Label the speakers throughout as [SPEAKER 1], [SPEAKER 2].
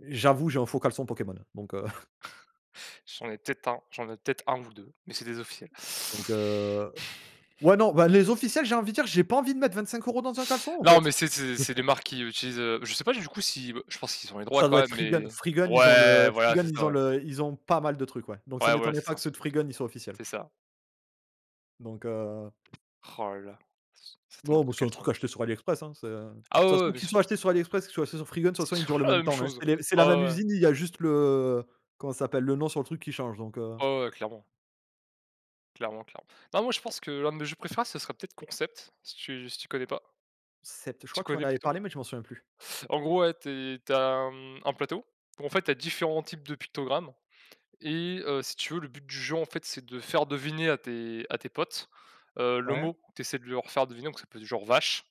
[SPEAKER 1] J'avoue j'ai un faux caleçon Pokémon, donc heu
[SPEAKER 2] J'en ai peut-être 1, j'en ai peut-être 1 ou 2, mais c'est des officiels.
[SPEAKER 1] donc heu, ouais, non, bah, les officiels, j'ai envie de dire, j'ai pas envie de mettre 25 € dans un caleçon, en
[SPEAKER 2] Non mais,
[SPEAKER 1] fait.
[SPEAKER 2] c'est c'est c'est des marques qui utilisent, heu, je sais pas du coup si je pense qu'ils ont les droits
[SPEAKER 1] Ça
[SPEAKER 2] quand
[SPEAKER 1] doit être
[SPEAKER 2] même, mais,
[SPEAKER 1] Freegun. Freegun ils ont
[SPEAKER 2] ouais,
[SPEAKER 1] le
[SPEAKER 2] voilà,
[SPEAKER 1] Freegun
[SPEAKER 2] c'est ça,
[SPEAKER 1] ils ont
[SPEAKER 2] ouais.
[SPEAKER 1] le ils ont pas mal de trucs, ouais, donc ça
[SPEAKER 2] Ouais, voilà,
[SPEAKER 1] m'étonnerait
[SPEAKER 2] c'est
[SPEAKER 1] pas que
[SPEAKER 2] ça,
[SPEAKER 1] ceux de Freegun, ils soient officiels
[SPEAKER 2] c'est ça.
[SPEAKER 1] donc heu
[SPEAKER 2] Oh là là, c cette
[SPEAKER 1] Non,
[SPEAKER 2] marque
[SPEAKER 1] bah,
[SPEAKER 2] de
[SPEAKER 1] c'est un truc
[SPEAKER 2] caleçon!
[SPEAKER 1] acheté sur AliExpress, hein, c'est, heu, de
[SPEAKER 2] Ah
[SPEAKER 1] toute
[SPEAKER 2] ouais, ouais,
[SPEAKER 1] façon
[SPEAKER 2] bien
[SPEAKER 1] qu'ils
[SPEAKER 2] sûr.
[SPEAKER 1] soient achetés sur AliExpress, qu'ils soient achetés sur Freegun, de toute
[SPEAKER 2] C'est
[SPEAKER 1] façon ils
[SPEAKER 2] toujours
[SPEAKER 1] durent le
[SPEAKER 2] la
[SPEAKER 1] même
[SPEAKER 2] même
[SPEAKER 1] temps, hein.
[SPEAKER 2] chose.
[SPEAKER 1] C'est les c'est la
[SPEAKER 2] Ouais,
[SPEAKER 1] même
[SPEAKER 2] ouais, ouais.
[SPEAKER 1] usine, il y a juste le comment ça s'appelle? Le nom sur le truc qui change, donc heu
[SPEAKER 2] Ouais, ouais, ouais, clairement. Clairement, clairement. Non, moi, je pense que l'un de mes jeux préférés, ce serait peut-être Concept si tu si tu connais pas.
[SPEAKER 1] C'est pt je
[SPEAKER 2] Si tu
[SPEAKER 1] crois que tu m'en
[SPEAKER 2] connais
[SPEAKER 1] avais
[SPEAKER 2] plutôt.
[SPEAKER 1] parlé mais je m'en souviens plus.
[SPEAKER 2] En gros, ouais, tu es tu as un, mmh, un plateau, où en fait, tu as différents types de pictogrammes et heu, si tu veux, le but du jeu, en fait, c'est de faire deviner à tes à tes potes, heu, le
[SPEAKER 1] Ouais.
[SPEAKER 2] mot que tu essaies de leur faire deviner, donc ça peut être du genre «vache»,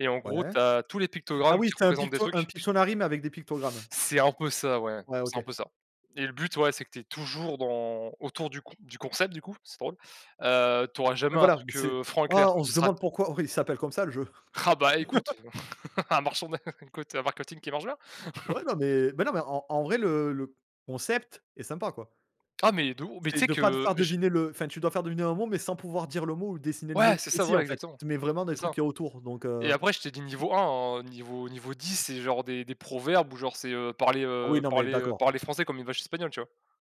[SPEAKER 2] et en gros,
[SPEAKER 1] Ouais.
[SPEAKER 2] tu as tous les
[SPEAKER 1] Ah
[SPEAKER 2] pictogrammes
[SPEAKER 1] oui,
[SPEAKER 2] qui
[SPEAKER 1] c'est un
[SPEAKER 2] représentent des
[SPEAKER 1] Picto un
[SPEAKER 2] trucs.
[SPEAKER 1] Pictonary mais avec des pictogrammes.
[SPEAKER 2] C'est un peu ça, ouais,
[SPEAKER 1] Ouais,
[SPEAKER 2] c'est un
[SPEAKER 1] OK.
[SPEAKER 2] peu ça et le but, ouais, c'est que tu es toujours dans autour du con du concept du coup, c'est drôle, heu, tu auras
[SPEAKER 1] Ouais,
[SPEAKER 2] jamais un
[SPEAKER 1] voilà,
[SPEAKER 2] truc,
[SPEAKER 1] c'est
[SPEAKER 2] heu, franc et clair,
[SPEAKER 1] ah, on
[SPEAKER 2] ça
[SPEAKER 1] se
[SPEAKER 2] sera
[SPEAKER 1] demande pourquoi il s'appelle comme ça le jeu.
[SPEAKER 2] Ah bah, écoute, un merchandi écoute, heu, un marketing qui marche bien!
[SPEAKER 1] Ouais, non, mais mais non, mais en en vrai le le concept est sympa, quoi.
[SPEAKER 2] Ah mais de haut, mais tu
[SPEAKER 1] C'est
[SPEAKER 2] sais
[SPEAKER 1] de pas te
[SPEAKER 2] que
[SPEAKER 1] faire
[SPEAKER 2] je
[SPEAKER 1] deviner le enfin, tu dois faire deviner un mot mais sans pouvoir dire le mot ou dessiner le
[SPEAKER 2] Ouais,
[SPEAKER 1] mot
[SPEAKER 2] c'est
[SPEAKER 1] et
[SPEAKER 2] ça,
[SPEAKER 1] si
[SPEAKER 2] voilà,
[SPEAKER 1] en fait,
[SPEAKER 2] exactement,
[SPEAKER 1] tu mets vraiment des
[SPEAKER 2] c'est
[SPEAKER 1] trucs
[SPEAKER 2] ça
[SPEAKER 1] qu'il y a autour, donc
[SPEAKER 2] et
[SPEAKER 1] heu
[SPEAKER 2] après, je t'ai dit niveau 1, niveau niveau 10 c'est genre des des proverbes ou genre c'est, heu, parler,
[SPEAKER 1] Ah oui,
[SPEAKER 2] heu,
[SPEAKER 1] non, mais
[SPEAKER 2] parler, heu,
[SPEAKER 1] d'accord.
[SPEAKER 2] parler français comme une vache espagnole, tu vois?